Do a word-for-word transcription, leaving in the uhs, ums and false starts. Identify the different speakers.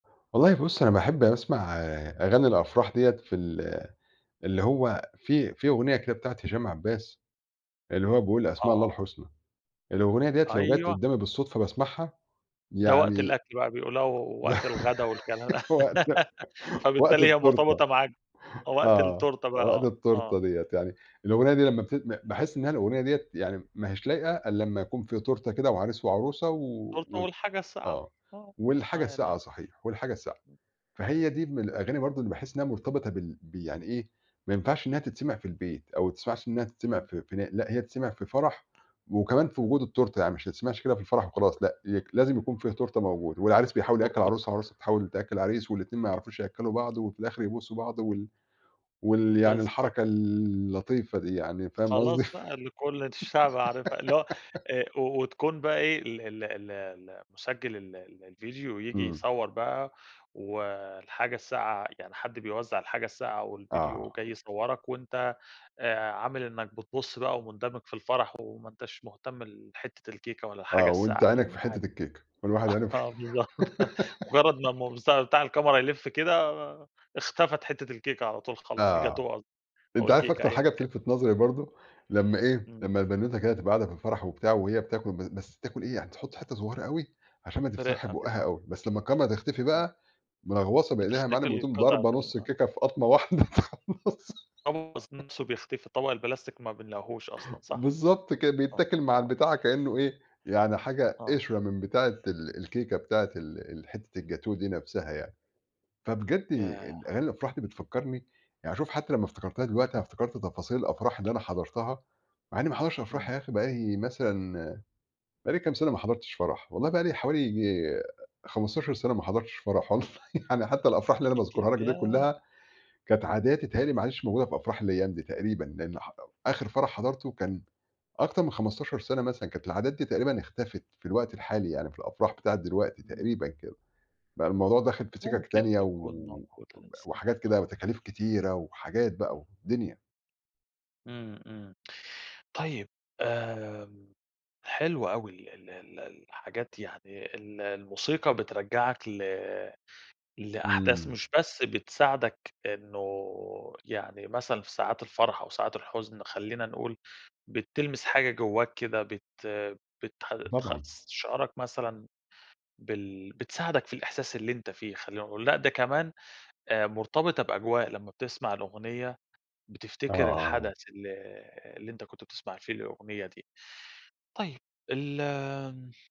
Speaker 1: والله بُصّ، أنا باحب أسمع أغاني الأفراح ديَّة في ال اللي هو في في أغنية كده بتاعة هشام عباس اللي هو بيقول أسماء الله
Speaker 2: آه.
Speaker 1: الحسنى، الأغنية ديَّة لو جت
Speaker 2: أيوه.
Speaker 1: قدَّامي بالصدفة باسمعها،
Speaker 2: ده وقت
Speaker 1: يعني
Speaker 2: الأكل بقى، [unintelligible] وقت الغدا والكلام
Speaker 1: وقت وقت
Speaker 2: فبالتالي هي
Speaker 1: التورتة
Speaker 2: مرتبطة معاك بوقت
Speaker 1: آه،
Speaker 2: التورتة
Speaker 1: وقت
Speaker 2: بقى، آه.
Speaker 1: التورتة ديَّة يعني الأغنية دي لمّا بت ب باحس إنها الأغنية دِيَّة يعني ما هياش لايقة إلَّا لمّا يكون في تورتة كده وعريس وعروسة، و
Speaker 2: التورتة
Speaker 1: وال
Speaker 2: والحاجة الساقعة،
Speaker 1: آه،
Speaker 2: آه،
Speaker 1: والحاجة
Speaker 2: يعني.
Speaker 1: الساقعة صحيح، والحاجة الساقعة، فهي دي من الأغاني
Speaker 2: إمم.
Speaker 1: برضه اللي باحس إنها مرتبطة بال ب يعني إيه ما ينفعش إنها تتسمع في البيت أو ماتسمعش إنها تتسمع
Speaker 2: إمم.
Speaker 1: في في لأ هي تتسمع في فرح وكمان في وجود التورتة، يعني مش تتسمعش كده في الفرح وخلاص لأ، ي لازم يكون فيها تورتة موجودة والعريس بيحاول
Speaker 2: و
Speaker 1: يأكّل
Speaker 2: و
Speaker 1: العروسة والعروسة بتحاول تأكّل العريس، والاتنين ما يعرفوش يأكّلوا بعض، وفي الآخر يبوسوا بعض، وال وال يعني
Speaker 2: بالضبط.
Speaker 1: الحركة اللطيفة دي يعني فاهم قصدي.
Speaker 2: خلاص بقي اللي كُلّ الشعب عارفها، اللي هو آآ، وتكون بقي إيه ال ال ال اللي مُسجِّل ال الفيديو ييجي
Speaker 1: إمم.
Speaker 2: يصور بقى، و الحاجة الساقعة يعني حد بيوزع الحاجة الساقعة والفيديو
Speaker 1: آه.
Speaker 2: وجاي يصوّرك، وأنت آآ، عامل إنك بتبُصّ بقى ومندمج في الفرَح وما أنتش مهتم لحتة الكيكة ولا
Speaker 1: آه
Speaker 2: الحاجة
Speaker 1: وأنت
Speaker 2: الساقعة اللي
Speaker 1: عينك
Speaker 2: هو
Speaker 1: في
Speaker 2: عادي،
Speaker 1: حتة الكيكة، كل واحد عينه في
Speaker 2: آه، بالضبط مجرّد ما مص ما بتاع الكاميرا يلِّف كده، اختفت حتة الكيكة على طول خلاص
Speaker 1: آه،
Speaker 2: الجاتوه قصدي، أو
Speaker 1: أنت عارف
Speaker 2: الكيكة
Speaker 1: أكتر
Speaker 2: أيًا
Speaker 1: حاجة
Speaker 2: كان.
Speaker 1: بتلفت نظري برضه، لمّا إيه،
Speaker 2: إمم.
Speaker 1: لمّا البنوتة كده تبقى قاعدة في الفرح وبتاع وهي بتاكل ب بس بتاكل إيه يعني تحط حتة صغيرة أوي عشان ما تفتحش
Speaker 2: برِقّة كده،
Speaker 1: بُقها
Speaker 2: آه.
Speaker 1: أوي، بس لمّا الكاميرا تختفي
Speaker 2: إمم.
Speaker 1: بقى، ملغوصة بإيدها
Speaker 2: بتختفي
Speaker 1: يامعلّم وتقوم
Speaker 2: القطعة
Speaker 1: ضاربة نص
Speaker 2: ال آه.
Speaker 1: الكيكة في قطمة واحدة تخلصها.
Speaker 2: الطبق ذات نفسه بيختفي، الطبق البلاستيك ما بنلاقيهوش أصلًا صح،
Speaker 1: بالضبط كده،
Speaker 2: آه،
Speaker 1: بيتاكل مع
Speaker 2: آه.
Speaker 1: البتاع كأنه إيه يعني حاجة
Speaker 2: آه.
Speaker 1: قشرة من بتاعة ال الكيكة بتاعة ال حتة الجاتوه دي نفسها يعني، فبجد
Speaker 2: ياه!
Speaker 1: ال أغاني الأفراح دي بتفكّرني يعني شوف حتى لمّا افتكرتها دلوقتي أنا افتكرت تفاصيل الأفراح اللي أنا حضرتها، مع إني ما حضرتش أفراح
Speaker 2: إمم.
Speaker 1: يا أخي بقالي مثلًا بقالي كام سنة ما حضرتش فرَح، والله بقالي حوالي ييجي خمستاشر سنة ما حضرتش فرَح والله، يعني حتى الأفراح اللي أنا
Speaker 2: كتي
Speaker 1: باذكرها لك دي
Speaker 2: ياه!
Speaker 1: كلها كانت عادات بيتهيأ لي ما عادتش موجودة في أفراح الأيام دي تقريبًا، لأن ح آخر فرَح حضرته كان أكتر من خمستاشر سنة مثلًا، كانت العادات دي تقريبًا اختفت في الوقت الحالي يعني، في الأفراح بتاعة دلوقتي
Speaker 2: إمم.
Speaker 1: تقريبًا كده، بقى الموضوع داخل في سكك
Speaker 2: ممكن
Speaker 1: تانية
Speaker 2: تكون
Speaker 1: و
Speaker 2: موجودة لسة،
Speaker 1: وحاجات كده
Speaker 2: آه.
Speaker 1: وتكاليف كتيرة وحاجات بقى ودنيا.
Speaker 2: إمم، إمم طيب، آآ، حلو أوي ال ال ال الحاجات يعني ال الموسيقى بترجّعك ل لأحداث
Speaker 1: إمم.
Speaker 2: مش بس بتساعدك إنه يعني مثلًا في ساعات الفرَح أو ساعات الحُزن خلينا نقول بتلمس حاجة جوّاك كده، بت بت تخ
Speaker 1: طبعًا.
Speaker 2: تستشعرك مثلًا بال بتساعدك في الإحساس اللي أنت فيه خلينا نقول، لأ، ده كمان آآ، مرتبطة بأجواء لمّا بتسمع الأغنية
Speaker 1: آه
Speaker 2: بتفتكر
Speaker 1: آه.
Speaker 2: الحدث ال اللي أنت كنت بتسمع فيه الأغنية دي، طيب ال